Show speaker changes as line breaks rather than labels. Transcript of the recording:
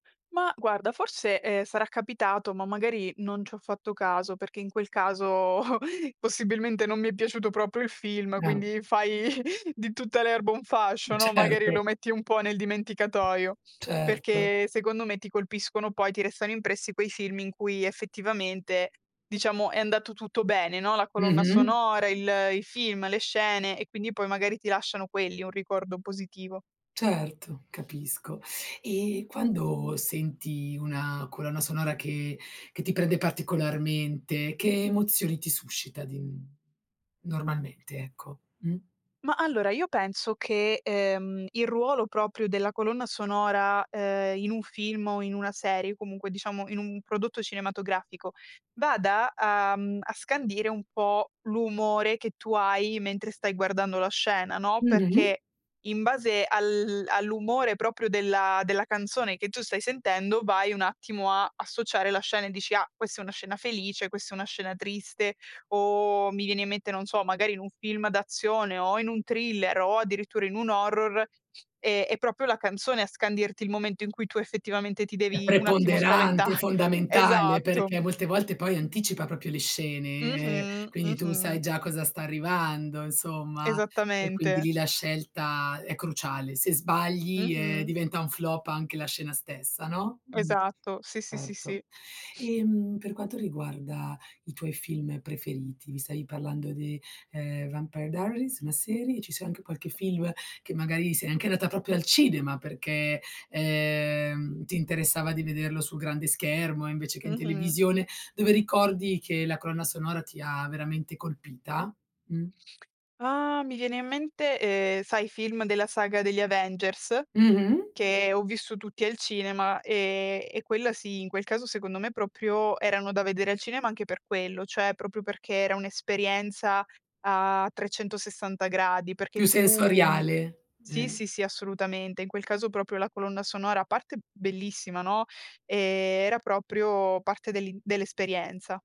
Ma guarda, forse, ehm, sarà capitato, ma magari non ci ho fatto caso, perché in quel caso possibilmente non mi è piaciuto proprio il film,
[unintelligible]
quindi fai di tutta l'erba un fascio, no, magari
Certo.
lo metti un po' nel dimenticatoio,
Certo.
perché secondo me ti colpiscono poi, ti restano impressi quei film in cui effettivamente, diciamo, è andato tutto bene, no? La colonna
Mh-mh.
sonora, il i film, le scene e quindi poi magari ti lasciano quelli, un ricordo positivo.
Certo, capisco. E quando senti una colonna sonora che che ti prende particolarmente, che emozioni ti suscita di n normalmente? Ecco, mh?
Ma allora, io penso che, ehm, il ruolo proprio della colonna sonora, ehm, in un film o in una serie, comunque diciamo in un prodotto cinematografico, vada a, mhmm, scandire un po' l'umore che tu hai mentre stai guardando la scena, no?
Mh-mh.
Perché in base al all'umore proprio della della canzone che tu stai sentendo, vai un attimo a associare la scena, e dici: "Ah, questa è una scena felice, questa è una scena triste". O mi viene in mente, non so, magari in un film d'azione o in un thriller o addirittura in un horror, è è proprio la canzone a scandirti il momento in cui tu effettivamente ti
È
devi un attimo spaventa
preponderante, è fondamentale,
Esatto.
perché molte volte poi anticipa proprio le scene, ehm,
Mh-mh,
quindi tu sai
mh-mh.
già cosa sta arrivando insomma, e quindi
Esattamente.
lì la scelta è cruciale. Se sbagli, ehm,
Mh-mh.
diventa un flop anche la scena stessa, no? Mh,
Esatto, sì, sì, sì,
certo.
sì. Mh.
Ehm, per quanto riguarda i tuoi film preferiti, mi stavi parlando di, ehm, "Vampire Diaries", la serie, ci sia anche qualche film, che magari sei anche andata proprio al cinema perché, ehm, ti interessava di vederlo sul grande schermo, invece che in
Mh-mh.
televisione, dove ricordi che la colonna sonora ti ha veramente colpita? Mh.
Ah mi viene in mente, ehm, sai i film della saga degli Avengers?
Mh-mh.
Che ho visto tutti al cinema, e e quella sì, in quel caso secondo me proprio erano da vedere al cinema, anche per quello, cioè proprio perché era un'esperienza a 360 gradi, perché
Più
tu
sensoriale,
sì,
eh.
sì, sì, assolutamente. In quel caso proprio la colonna sonora a parte bellissima, no? Ehm, era proprio parte dell'in dell'esperienza.